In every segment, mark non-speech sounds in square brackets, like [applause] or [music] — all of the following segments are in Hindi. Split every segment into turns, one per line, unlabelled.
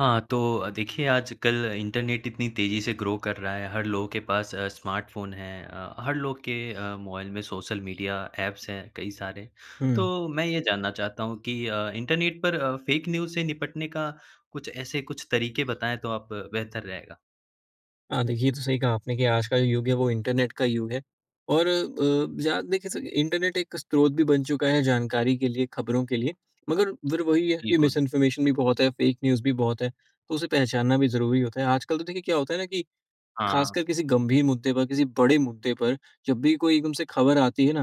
हाँ तो, अ, देखिए आज-कल इंटरनेट इतनी तेज़ी से ग्रो कर रहा है। हर लोगों के पास अ, स्मार्टफ़ोन है। अ, हर लोग के अ, मोबाइल में सोशल मीडिया एप्स हैं कई सारे।
हुँ।
तो मैं ये जानना चाहता हूँ कि अ, इंटरनेट पर अ, फ़ेक न्यूज़ से निपटने का कुछ ऐसे कुछ तरीके बताएँ तो आप बेहतर रहेगा।
हाँ, देखिए ये तो सही कहा आपने कि आज का युग है वो इंटरनेट का युग है। और अ, ज़्याद देखिए सब इंटरनेट एक स्रोत भी बन चुका है जानकारी के लिए, खबरों के लिए। मगर फिर वही है कि
बिल्कुल।
मिसइन्फॉर्मेशन भी बहुत है, फ़ेक न्यूज़ भी बहुत है, तो उसे पहचानना भी ज़रूरी होता है। आजकल तो देखिए क्या होता है ना कि
हाँ।
खासकर किसी गंभीर मुद्दे पर, किसी बड़े मुद्दे पर, जब भी कोई एकदम से खबर आती है ना,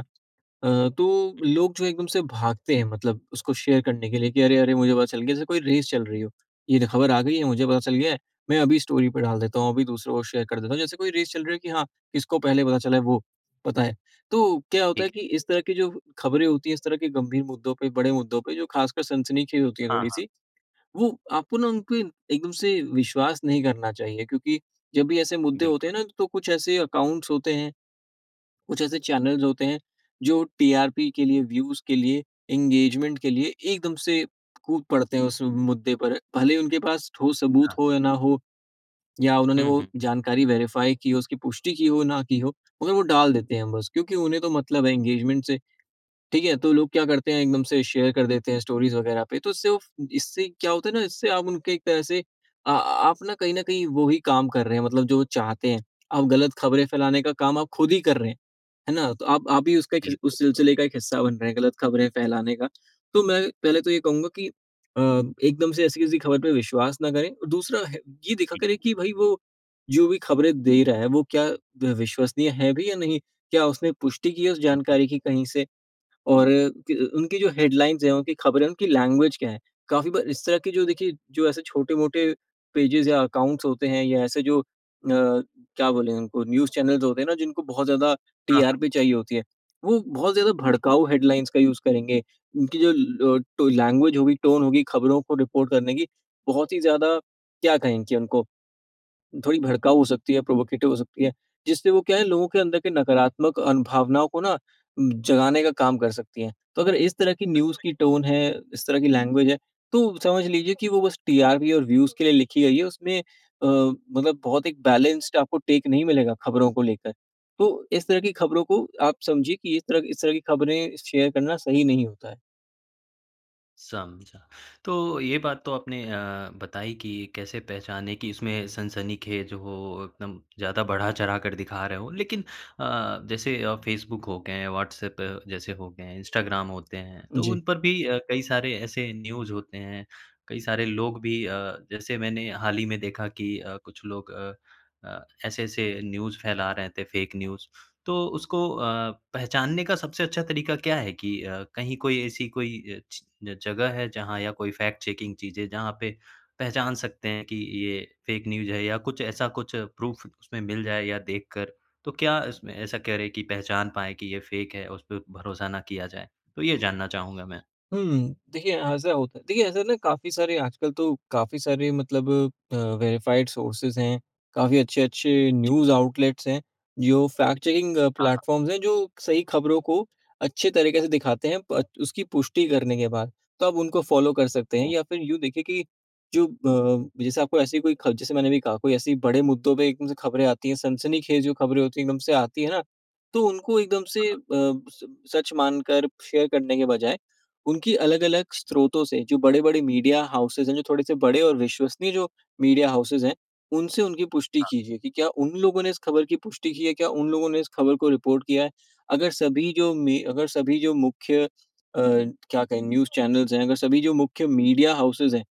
अ, तो
हुँ।
लोग जो एकदम से भागते हैं मतलब उसको शेयर करने के लिए कि अरे-अरे मुझे पता चल गया, जैसे कोई रेस चल रही हो। ये जो ख़बर आ गई है मुझे पता चल गया है। मैं अभी स्टोरी पर डाल देता हूँ, अभी दूसरों को शेयर कर देता हूँ। जैसे कोई रेस चल रही है कि हाँ इसको पहले पता चला है, वो पता है। तो क्या होता है
ठीक है।
कि इस तरह की जो ख़बरें होती हैं, इस तरह के गंभीर मुद्दों पे, बड़े मुद्दों पे, जो खासकर सनसनीखेज़ होती हैं
हाँ, हाँ।
थोड़ी-सी, वो आपको ना, उन पे एकदम से विश्वास नहीं करना चाहिए। क्योंकि जब भी ऐसे मुद्दे होते
बिल्कुल।
है ना तो कुछ ऐसे अकाउंट्स होते हैं। कुछ ऐसे चैनल्स होते हैं, जो टीआरपी के लिए व्यूज़ के लिए, इंगेजमेंट के लिए, एकदम से कूद पड़ते हैं, उस मुद्दे पर। भले ही उनके पास ठोस सबूत
हाँ।
हो या ना हो। या उन्होंने
हुँ,
वो
हुँ।
जानकारी वेरिफ़ाई की हो, उसकी पुष्टि की हो ना की हो, मगर वो डाल देते हैं बस। क्योंकि उन्हें तो मतलब है इंगेजमेंट से, ठीक है? तो लोग क्या करते हैं एकदम से शेयर कर देते हैं स्टोरीज़ वगैरह पे, तो उससे उफ़ इससे क्या होता है ना, इससे आप उनके एक तरह से, आ आ आप ना कहीं न कहीं वो ही काम कर रहे हैं, मतलब जो वो चाहते हैं। आप गलत खबरें फैलाने का काम आप खुद ही कर रहे हैं। है ना? तो आप आप भी उसका एक हिस
बिल्कुल।
उस सिलसिले का एक हिस्सा बन रहे हैं, गलत खबरें फैलाने का। तो मैं पहले तो ये कहूँगा कि अ, एकदम से ऐसी किसी ख़बर पर विश्वास ना करें और है दूसरा है ये देखा
ठीक
करें
है।
कि भई वो जो भी खबरें दे रहा है, वो क्या विश्वसनीय हैं भी या नहीं। क्या उसने पुष्टि की है उस
हुँ, हुँ।
जानकारी की कहीं से? और त अ, उनकी जो हेडलाइंस है, उनकी खबरें, उनकी लैंग्वेज क्या है? काफ़ी बार इस तरह की जो देखिए जो ऐसे छोटे-मोटे पेजेज़ या अकाउंट्स होते हैं या ऐसे जो अ, क्या बोलें उनको न्यूज़ चैनल्स होते हैं ना, जिनको बहुत ज़्यादा
हाँ, हाँ।
टीआरपी चाहिए होती है। वो बहुत ज़्यादा भड़काऊ हेडलाइंस का यूज़ करेंगे। उनकी जो लो टो लैंग्वेज होगी टोन होगी खबरों को रिपोर्ट करने की बहुत ही ज़्यादा क्या कहें कि उनको, थोड़ी भड़काऊ हो सकती है, प्रोवोकेटिव हो सकती है। जिससे वो क्या है लोगों के अंदर के नकारात्मक अन भावनाओं को ना, उम, जगाने का काम कर सकतीं हैं। तो अगर इस तरह की
सच
न्यूज़
में?
की टोन है, इस तरह की लैंग्वेज है, तो समझ लीजिए कि वो बस टीआरपी और व्यूज़ के लिए लिखी गई है। उसमें अ, मतलब बहुत एक बैलेंस्ड टेक नहीं मिलेगा ख़बरों को लेकर। तो इस तरह की ख़बरों को आप समझिए कि इस तरह की इस तरह की खबरें शेयर करना सही नहीं होता है।
समझा। तो ये बात तो आपने अ, बताई कि कैसे पहचानें कि इसमें सनसनीखेज़ हो एकदम ज़्यादा बढ़ा-चढ़ाकर दिखा रहे हों, लेकिन अ अ, जैसे अ, फेसबुक हो गए हैं, व्हाट्सएप जैसे हो गए हैं, इंस्टाग्राम होते हैं, तो उन
जी।
पर भी अ, कई सारे ऐसे न्यूज़ होते हैं, कई सारे लोग भी अ, जैसे मैंने हाल ही में देखा कि अ, कुछ लोग अ अ, ऐसे-ऐसे न्यूज़ फैला रहे थे, फेक न्यूज़ तो उसको अ, पहचानने का सबसे अच्छा तरीका क्या है कि अ, कहीं कोई, ऐसी कोई अ, ची जगह है, जहाँ या कोई फैक्ट चेकिंग चीज़ें, जहाँ पे पहचान सकते हैं कि ये फेक न्यूज़ है या कुछ ऐसा कुछ प्रूफ़ उसमें मिल जाए या देख कर? तो क्या इसमें, ऐसा करें की पहचान पाएँ की ये फेक है, उस पर भरोसा ना किया जाए, तो ये जानना चाहूँगा मैं।
हुँ। देखिए ऐसा होता है देखिए ऐसा ना, काफ़ी सारे आजकल तो काफ़ी सारे मतलब अ, वेरिफाइड सोर्सेज़ हैं, काफ़ी अच्छे-अच्छे
ठीक
न्यूज़
है।
आउटलेट्स हैं, जो फैक्ट चेकिंग
हाँ, हाँ।
प्लेटफॉर्म्स हैं, जो सही खबरों को अच्छे तरीके से दिखाते हैं पर उसकी पुष्टि करने के बाद। तो आप उनको फॉलो कर सकते हैं
ओह!
या फिर यूँ देखिए कि जो अ, जैसे आपको ऐसी कोई ख जैसे मैंने कहा, कोई ऐसे बड़े मुद्दों पे एकदम से खबरें आती हैं, सनसनीखेज़ जो खबरें होती हैं, एकदम से आती है ना, तो उनको एकदम
हाँ,
से
हाँ।
अ, स सच मानकर शेयर करने के बजाय, उनकी अलग-अलग
जी।
स्रोतों से जो बड़े-बड़े मीडिया हॉउसेस हैं, जो थोड़े से बड़े और विश्वसनीय जो मीडिया हॉउसेस हैं, उनसे उनकी पुष्टि
हाँ।
कीजिए कि क्या उन लोगों ने इस खबर की पुष्टि की है क्या? उन लोगों ने इस खबर को रिपोर्ट किया है? अगर सभी जो में अगर सभी जो मुख्य अ, क्या कहें न्यूज़ चैनल्स हैं, अगर सभी जो मुख्य मीडिया हॉउसेस हैं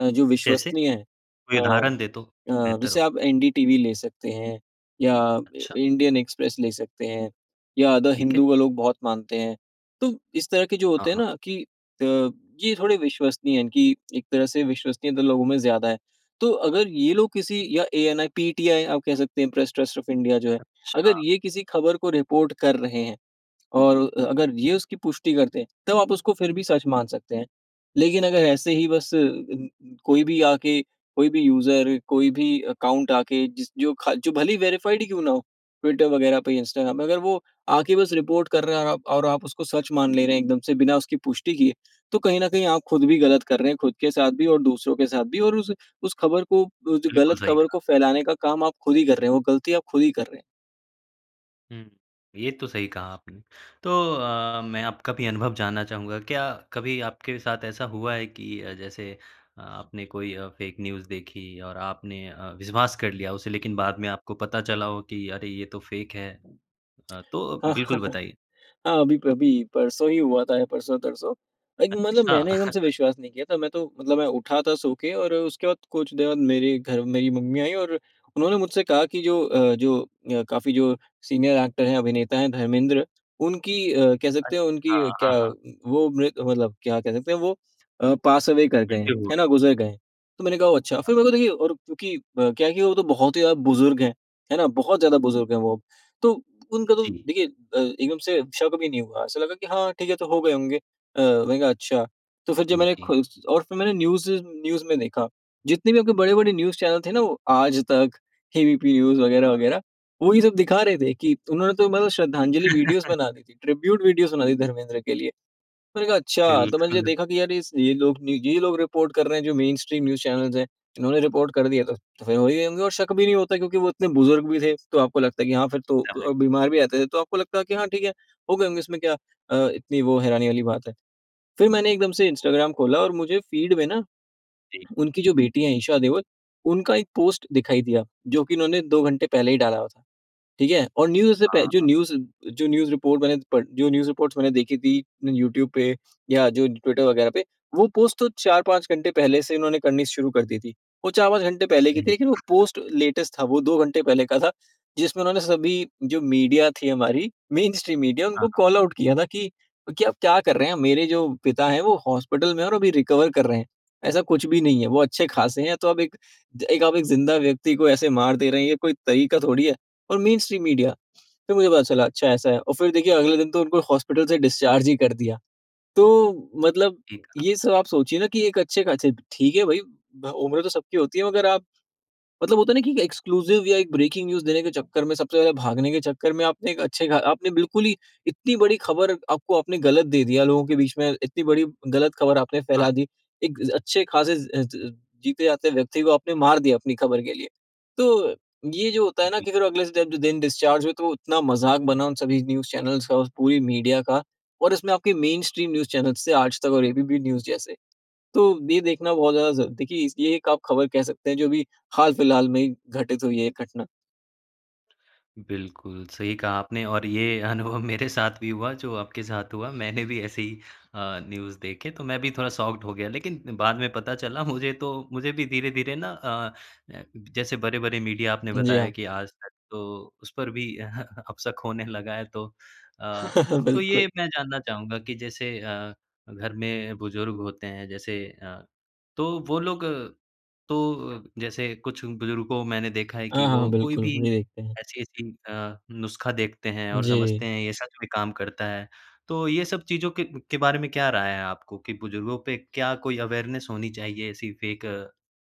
अ, जो
कैसे?
विश्वसनीय हैं,
कोई
अ
उदाहरण दें तो,
अ,
बेहतर
जैसे
हो।
आप एनडी टीवी ले सकते हैं या अ,
अच्छा।
इंडियन एक्सप्रेस ले सकते हैं या द
ठीक है।
हिंदू का लोग बहुत मानते हैं। तो इस तरह के जो
हाँ,
होते हैं
हाँ।
ना कि अ, ये थोड़े विश्वसनीय है कि एक तरह से विश्वसनीयता लोगों में ज़्यादा है। तो अगर ये लोग किसी या एएनआइ, पीटीआइ आप कह सकते हैं प्रेस ट्रस्ट ऑफ इंडिया जो है, अगर
अच्छा।
ये किसी खबर को रिपोर्ट कर रहे हैं और अ अगर ये उसकी पुष्टि करते हैं, तब आप उसको फिर भी सच मान सकते हैं। लेकिन अगर ऐसे ही बस अ, कोई भी आके, कोई भी यूज़र कोई भी अकाउंट आके जिस जो ख जो भले ही वेरिफाइड क्यों ना हो, ट्विटर वगैरह पे, इंस्टाग्राम पे, अगर वो आके बस रिपोर्ट कर रहा है आप और आप उसको सच मान ले रहे हैं एकदम से बिना उसकी पुष्टि किए, तो कहीं न कहीं आप खुद भी गलत कर रहे हैं, खुद के साथ भी और दूसरों के साथ भी और उस, उस खबर को अ, जो
बिल्कुल
गलत
सही
खबर
कहा।
को फ़ैलाने का काम आप खुद ही कर रहे हैं। वो गलती आप खुद ही कर रहे हैं।
हुँ। ये तो सही कहा आपने। तो अ, मैं आपका भी अनुभव जानना चाहूँगा, क्या कभी आपके साथ ऐसा हुआ है कि जैसे आपने कोई अ, फैक न्यूज देखी और आपने अ, विश्वास कर लिया उसे, लेकिन बाद में आपको पता चला कि अरे ये तो फैक है?
[clicks tongue]
अ, तो बिल्कुल
[chuckles]
बताइए।
हाँ अभी-अभी परसों ही हुआ था, परसों-तरसों। लाइक मतलब
अच्छा।
मैंने एकदम से
[chuckles]
विश्वास नहीं किया था। मैं तो मतलब मैं उठा था सो के और अ, उसके बाद कुछ देर बाद मेरे घर मेरी मम्मी आई। और उन्होंने मुझसे कहा की, "जो अ, जो अ, काफ़ी जो सीनियर एक्टर हैं, अभिनेता है धर्मेंद्र उनकी अ, कह सकते हैं,
अच्छा,
उनकी
हाँ,
क्या
हाँ।
वो मृ मतलब क्या कहते हैं वो अ, पास अवे कर गए हैं,
मृत्यु हो
है
गई।
ना गुजर गए हैं।" तो मैंने कहा ओह अच्छा! फिर
हाँ।
मेरे को देखिए और क्योंकि अ, क्या है कि वो तो बहुत ही ज़्यादा बुजुर्ग हैं। है ना, बहुत ज़्यादा बुजुर्ग हैं वो, तो उनका तो
जी।
देखिए अ, एकदम से शक़ भी नहीं हुआ। ऐसा लगा कि हाँ ठीक है, तो हो गए होंगे अ, मैंने कहा अच्छा, तो फिर जब
जी,
मैंने
जी।
खुद और फिर मैंने न्यूज़ न्यूज़ में देखा। जितने भी आपके बड़े बड़े न्यूज़ चैनल थे ना वो, आज तक, ए बी पी न्यूज़
हाँ, हाँ।
वग़ैरह-वग़ैरह वही सब दिखा रहे थे कि उन्होंने तो मतलब श्रद्धांजलि वीडियोज़ बना
[chuckles]
दी थी, ट्रिब्यूट वीडियोस बना दी धर्मेंद्र के लिए। मैंने कहा अच्छा! तो मैंने
बिल्कुल।
देखा कि यार ये स लोग ये लोग रिपोर्ट कर रहे हैं, जो मेनस्ट्रीम न्यूज़ चैनल्स हैं। उन्होंने रिपोर्ट कर दिया था। तो फिर वही होंगे और शक भी नहीं होता, क्योंकि वो इतने बुजुर्ग भी थे, तो आपको लगता है कि हाँ फिर तो
[unintelligible]
अ, बीमार भी आते थे, तो आपको लगता है कि हाँ ठीक है, हो गए होंगे इसमें क्या अ, इतनी वो हैरानी वाली बात है। फिर मैंने एकदम से इंस्टाग्राम खोला और मुझे फ़ीड में ना।
जी।
उनकी जो बेटी है, ईशा देओल उनका एक पोस्ट दिखाई दिया, जो कि उन्होंने 2 घंटे पहले ही डाला हुआ था। ठीक है? और न्यूज़ से पह
हाँ,
जो
हाँ।
न्यूज जो न्यूज रिपोर्ट बने प जो न्यूज़ रिपोर्ट्स मैंने देखी थी यूट्यूब पे या जो ट्विटर वग़ैरह पे। वो पोस्ट तो 4-5 घंटे पहले से उन्होंने करनी शुरू कर दी थी। वो 4-5 घंटे पहले की थी।
सही।
लेकिन वो पोस्ट लेटेस्ट था वो 2 घंटे पहले का था। जिसमें उन्होंने सभी जो मीडिया थी हमारी मेनस्ट्रीम मीडिया
हाँ,
उनको
हाँ।
कॉल आउट किया था कि क्या आप क्या कर रहे हैं, मेरे जो। पिता है वो हॉस्पिटल में है और अभी रिकवर कर रहे हैं। ऐसा कुछ भी नहीं है। वो अच्छे ख़ासे हैं, तो आप एक आप एक ज़िंदा व्यक्ति को ऐसे मार दे रहे हैं, ये कोई तरीका थोड़ी है? और मेनस्ट्रीम मीडिया फिर मुझे पता चला अच्छा ऐसा है और फिर देखिए अगले दिन तो उनको हॉस्पिटल से डिस्चार्ज ही कर दिया। तो मतलब
ठीक कहा।
ये सब आप सोचिए ना कि एक अच्छे ख़ासे ठीक है भाई उम्र तो सबकी होती है, मगर आप। मतलब होता है ना कि एक एक्सक्लूसिव या एक ब्रेकिंग न्यूज़ देने के चक्कर में, सबसे पहले भागने के चक्कर में आपने एक अच्छे ख आपने बिल्कुल ही इतनी बड़ी खबर आपको आपने गलत दे दिया लोगों के बीच में, इतनी बड़ी गलत ख़बर आपने
हाँ।
फैला दी, एक अ, अच्छे ख़ासे ज़ ज़ जीते जागते व्यक्ति को आपने मार दिया, अपनी खबर के लिए। तो ये जो होता है ना
जी।
कि अगर अगले इस डेबड दिन डिस्चार्ज हुए, तो वो इतना मजाक बना उन सभी न्यूज़ चैनल्स का पूरी मीडिया का और इसमें आपके मेनस्ट्रीम न्यूज़ चैनल्स थे आज तक और ए बी पी न्यूज़ जैसे। तो ये देखना बहुत ज़्यादा ज़ देखिए ये एक आप खबर कह सकते हैं, जो अभी हाल फिलहाल में ही घटित हुई है ये घटना।
बिल्कुल, सही कहा आपने और ये अनुभव मेरे साथ भी हुआ, जो आपके साथ हुआ। मैंने भी ऐसे ही अ, न्यूज़ देखे तो मैं भी थोड़ा शॉक्ड हो गया। लेकिन बाद में पता चला मुझे तो मुझे भी धीरे-धीरे ना, अ अ, जैसे बड़े-बड़े मीडिया आपने
जी
बताया
हाँ।
कि आज तक तो उस पर भी [chuckles] अब शक होने लगा है तो। अ,
[chuckles]
तो ये
बिल्कुल।
मैं जानना चाहूँगा कि जैसे अ, घर में बुजुर्ग होते हैं, जैसे अ, तो वो लोग तो जैसे कुछ बुजुर्ग को मैंने देखा है
अ,
कि
हाँ, हाँ
वो कोई
बिल्कुल,
भी
वही देखते हैं।
ऐसी-ऐसी अ, नुस्खा देखते हैं और समझते
जी।
हैं, ये सच में काम करता है, तो ये सब चीज़ों के के बारे में क्या राय है आपको? कि बुजुर्गों पे क्या कोई अवेयरनेस होनी चाहिए ऐसी फेक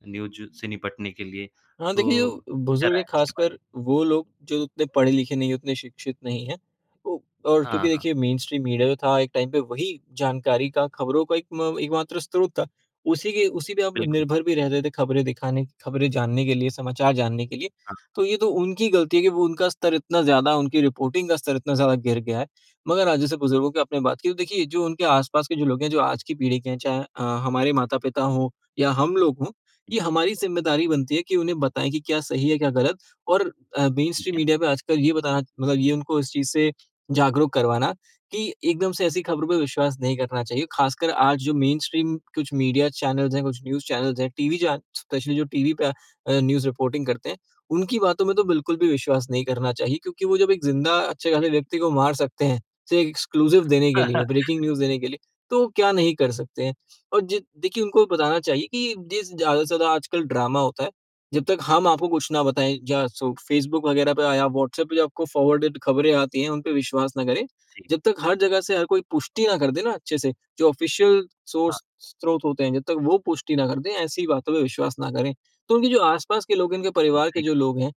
न्यूज़ से निपटने के लिए,
हाँ देखिए
तो
जो,
क्या
बुजुर्ग
राय
हैं
है इसके बारे में?
खासकर, वो लोग जो उतने पढ़े-लिखे नहीं है, उतने शिक्षित नहीं है। उ और
हाँ,
क्योंकि
हाँ।
देखिए मेनस्ट्रीम मीडिया जो था, एक टाइम पे वही जानकारी का, खबरों का एक म एक मात्र स्रोत था। उसी के उसी पे हम
बिल्कुल।
निर्भर भी रहते थे, खबरें दिखाने खबरें जानने के लिए, समाचार जानने के लिए।
हाँ, हाँ।
तो ये तो उनकी गलती है कि वो उनका स्तर इतना ज़्यादा, उनकी रिपोर्टिंग का स्तर इतना ज़्यादा गिर गया है। मगर आज जैसे बुजुर्गों की आपने बात की, तो देखिए जो उनके आसपास के जो लोग हैं, जो आज की पीढ़ी के हैं, चाहे अ, हमारे माता-पिता हो या हम लोग हो, ये हमारी ज़िम्मेदारी बनती है कि उन्हें बताएँ कि क्या सही है क्या गलत। और अ,
ठीक
मेनस्ट्रीम
है।
मीडिया पे आज कल ये बताना मतलब ये उनको इस चीज़ से जागरूक करवाना कि एक दम से ऐसी खबरों पे विश्वास नहीं करना चाहिए। खासकर आज जो मेनस्ट्रीम कुछ मीडिया चैनल्स हैं, कुछ न्यूज़ चैनल्स हैं, टीवी चे स्पेशली जो टीवी पे अ, न्यूज़ रिपोर्टिंग करते हैं, उनकी बातों में तो बिल्कुल भी विश्वास नहीं करना चाहिए। क्योंकि वो जब एक जिंदा अच्छे-खासे
जी।
व्यक्ति को मार सकते हैं, सिर्फ़ एक्सक्लूसिव देने के लिए,
[chuckles]
ब्रेकिंग न्यूज़ देने के लिए, तो क्या नहीं कर सकते हैं। और जि देखिए उनको बताना चाहिए कि जिस ज़्यादा से ज़्यादा आजकल ड्रामा होता है, जब तक हम आपको कुछ ना बताएँ। जा सो फेसबुक वगैरह पे या व्हाट्सएप पे जो आपको फॉरवर्डेड खबरें आती हैं, उन पे विश्वास ना करें।
जी।
जब तक हर जगह से हर कोई पुष्टि ना कर दे ना, अच्छे से, जो ऑफिसियल
हाँ।
सोर्स स्रोत होते हैं, जब तक वो पुष्टि ना कर दें, ऐसी बातों पे विश्वास ना करें। तो उनके जो आस-पास के लोग है, उनके परिवार के
जी
जो
हाँ।
लोग हैं,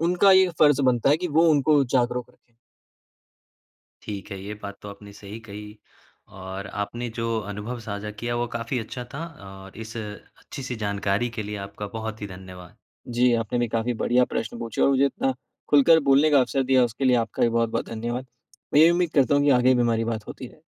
उनका ये फर्ज बनता है कि वो उनको जागरूक रखें।
ठीक है, ये बात तो आपने सही कही और आपने जो अनुभव साझा किया वो काफ़ी अच्छा था और इस अच्छी-सी जानकारी के लिए, आपका बहुत ही धन्यवाद।
जी, आपने भी काफ़ी बढ़िया प्रश्न पूछे और मुझे इतना खुलकर बोलने का अवसर दिया उसके लिए आपका भी बहुत-बहुत धन्यवाद। मैं ये उम्मीद करता हूँ कि आगे भी हमारी बात होती रहे।